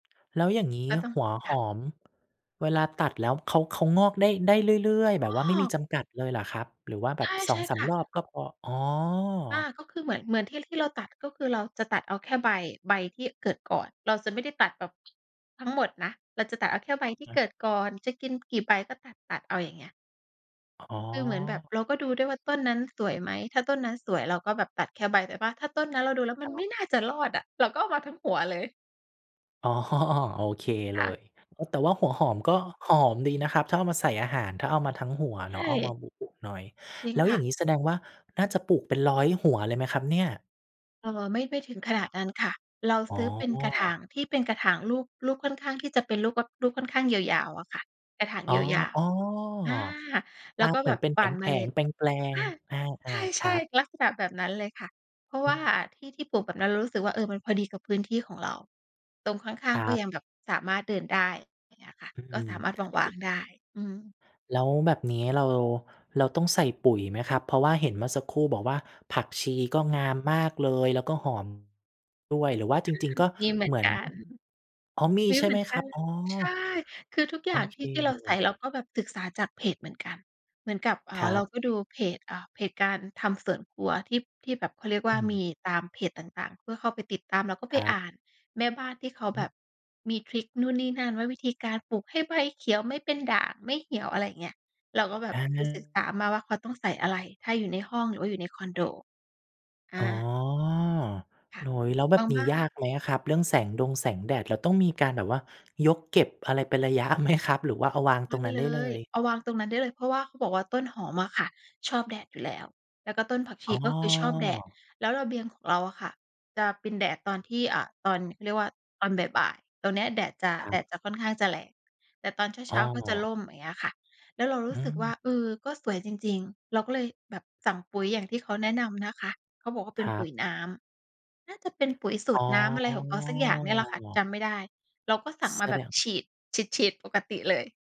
แล้วอย่างงี้ก็ต้อง หัวหค่ะ อมเวลาตัดแล้วเขา เขางอกได้ ได้เรื่อย อๆ แ้บบว่าไม่มีอ! จำกัดเลยเหรอครับ หรือว่าแบใชบ สอง่ สาๆ คม ่ะ รอบก็พอ? อ๋อ อา ก็คือเหมือน เหมือนที่ ที่เราตัด ก็คือเราจะตัดเอาแค่ใบ ใบที่เกิดก่อน เราจะไม่ได้ตัดแบบ ทั้งหมดนะ เราจะตัดเอาแค่ใบที่อา เกิดก่อน จะกินกี่ใบก็ตัด ๆ เอา อย่างเงี้ย อ๋อ คือเหมือนแบบเราก็ดูด้วยว่าต้นนั้นสวยไหม ถ้าต้นนั้นสวยเราก็แบบตัดแค่ใบ แต่ว่าถ้าต้นนั้นเราดูแล้วมคัรนไมับ ่น่าจะรอดอะ เราก็เอามาทั้งหัวเลย อ๋อ โอเคเคล่ะ ย เออ แต่ว่าหัวหอมก็หอมดีนะครับ ถ้าเอามาใส่อาหาร ถ้าเอามาทั้งหัวใชเนาะ เอาม่ าบุ ๆ หน่อย จริแงล้วคอย่่าะ งงี้แสดงว่า น่าจะปลูกเป็นร้อยหัวเลยไหมครับเนี่ย? เอ่อ ไม่ ไม่ถึงขนาดนั้นค่ะ เราอ๋ซอ ื้อเป็นกระถางที่เป็นกระถางรูป รูปค่อนข้างที่จะเป็นรูป ว รูปค่อนข้างยาว ๆ อะค่ะ กระถางอ๋อ ยาว ๆ อา ๆ แอลา ้วก็เหมแืบอนบเป็นหแว่านเผมล็ง ด ๆ แปลง ค่ะ ๆ อา ๆ คใชรั่ บ ๆ ลักษณะแบบนั้นเลยค่ะ เพราะวอื่าอ ที่ ที่ปลูกแบบนั้นเรารู้สึกว่า เออ มันพอดีกับพื้นที่ของเรา ตรงข้คาง รัๆ ก็บ ยังแบบสามารถเดินได้ อย่างเงี้ยค่ะ อืก็สอ ามารถวาง ๆ ได้ อือฮึ แล้วแบบนี้เรา เราต้องใส่ปุ๋ยไหมครับ? เพราะว่าเห็นเมื่อสักครู่บอกว่า ผักชีก็งามมากเลย แล้วก็หอมด้วย หรือว่าอจา ริง ๆ ก็มีเหมืเหอนมือน กัน อ๋อ มี มีใชเ่หมไืหมอนคกัรันบ? เลอ๋ย อ ใช่ คือทุกอโยอ่างเทคี่ ที่เรเาลใส่ ย เราก็แบบศึกษาจากเพจเหมือนกัน เหมือนกับ อ่คา รัเราบ ก็ดูเพจ อ่า เพจการทำสวนครัวที่ ที่แบบ เขาเรียกอวื่า มอ ีตามเพจต่าง ๆ เพื่อเข้าไปติดตาม แล้วก็ไคปรัอบ ่านแม่บ้านที่เขาอืแอบบฮึ มีทริกนู่นนี่นั่น ว่าวิธีการปลูกให้ใบเขียว ไม่เป็นด่าง ไม่เหี่ยว อะไรเงี้ย เราก็แบบอดูศึกา ษามาว่าเขาต้องใส่อะไร ถ้าอยู่ในห้องหรือว่าอยู่ในคอนโด ออ๋อ า ค่โะ อ้โฮ แล้วแบบาบงนีบ้้ายาน กไหมครับ? เรื่องแสงดงแสงแดด เราต้องมีการแบบว่ายกเก็บอะไรเป็นระยะ ไหมครับ? หรือว่าเอาวางไมตร่งนั้นเไลด้เลย ย? เอาวางตรงนั้นได้เลย เพราะว่าเขาบอกว่าต้นหอมอะค่ะ ชอบแดดอยู่แล้ว แล้วก็ต้นผักชอ๋ีอ ก็คือชอบแดด แล้วระเบียงของเราอะค่ะ จะเป็นแดดตอนที่ อ่า ตอน เขาเรียกว่า ตอนบ่าย ๆ ตอนเนี้ยแดดจะ ครัแดบ ดจะค่อนข้างจะแรง แต่ตอนเอ้ช้อ า ๆ ก็จะร่ม อย่างเงี้ยค่ะ แล้วเรารอู้สึกว่า ืม เออ ก็สวยจริง ๆ เราก็เลยแบบสั่งปุ๋ยอย่างที่เขาแนะนำนะคะ เขาบอกว่าเปค็นรปัุบ ๋ยน้ำ น่าจะเป็นปุ๋ยสูอ๋ตรอ น้ำอะไรของเขาสักอย่างเนี่ยแหละค่ะ จำไม่ได้ เราก็สั่งแมาสแบดบฉง ีด ฉีด ๆ ปกติเลย